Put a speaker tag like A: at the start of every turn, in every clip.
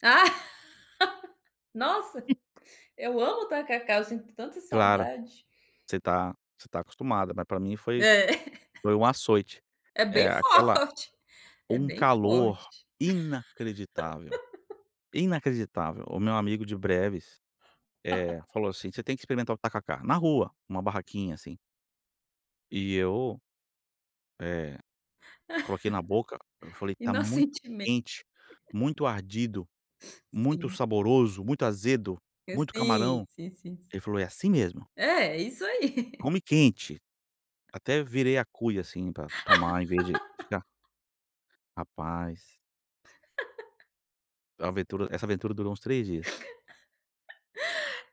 A: Nossa! Eu amo tacacá. Eu sinto tanta
B: Claro,
A: saudade.
B: você tá você tá acostumada, mas pra mim foi
A: É.
B: foi um açoite.
A: É
B: Eh,
A: bem
B: aquela
A: forte, é
B: um
A: bem
B: calor
A: forte.
B: inacreditável, inacreditável. O meu amigo de Breves, eh, falou assim: "Você tem que experimentar o tacacá na rua, uma barraquinha assim". E eu eh, coloquei na boca, eu falei:
A: E
B: "Tá
A: não
B: muito
A: sentimen
B: quente, muito ardido, muito
A: Sim.
B: saboroso, muito azedo,
A: É
B: muito
A: sim,
B: camarão".
A: sim, sim, si
B: Ele falou: "É assim mesmo"
A: É, é isso aí.
B: "come quente". Até virei a cuia, assim, pra tomar em vez de ficar Rapaz! A aventura essa aventura durou uns 3 dias.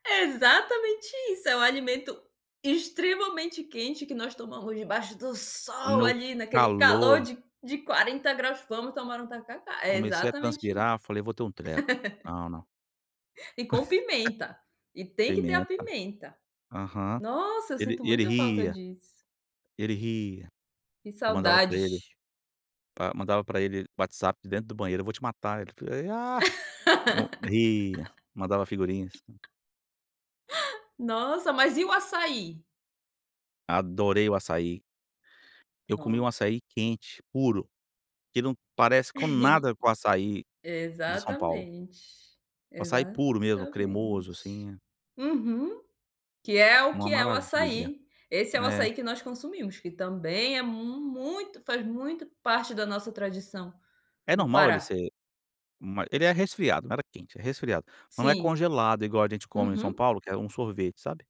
A: Exatamente isso, é um alimento extremamente quente que nós tomamos debaixo do sol
B: No
A: ali naquele calor
B: calor.
A: de de 40 graus. Vamos tomar um tacacá. É
B: Comecei a
A: exatamente
B: transpirar,
A: isso.
B: falei: "Vou ter um treco. Ah, não".
A: E com pimenta, e tem que ter a
B: Pimenta.
A: pimenta.
B: Aham.
A: Nossa, eu
B: Ele
A: sinto
B: e ele
A: muita falta
B: ria
A: disso.
B: ele ria.
A: Que
B: Eu mandava pra ele,
A: saudade!
B: pa mandava pra ele WhatsApp de dentro do banheiro "Eu vou te matar". Ele fal ah, [unintelligible] ria. Mandava figurinhas.
A: Nossa, mas e o açaí?
B: Adorei o açaí. Eu comi um
A: Pronto.
B: açaí quente, puro, que não parece com nada com o açaí de São Paulo.
A: Exatamente,
B: O açaí puro mesmo, cremoso
A: exatamente.
B: assim.
A: Uhum. Que é o
B: Uma
A: que é o
B: maravilha.
A: açaí. Esse é o
B: É.
A: açaí que nós consumimos, que também é muito, faz muito parte da nossa tradição
B: É
A: do
B: normal ele
A: Pará.
B: ser ma ele é resfriado, não era quente, é resfriado, não é
A: Sim.
B: congelado igual a gente come em São
A: Uhum.
B: Paulo, que é um sorvete, sabe?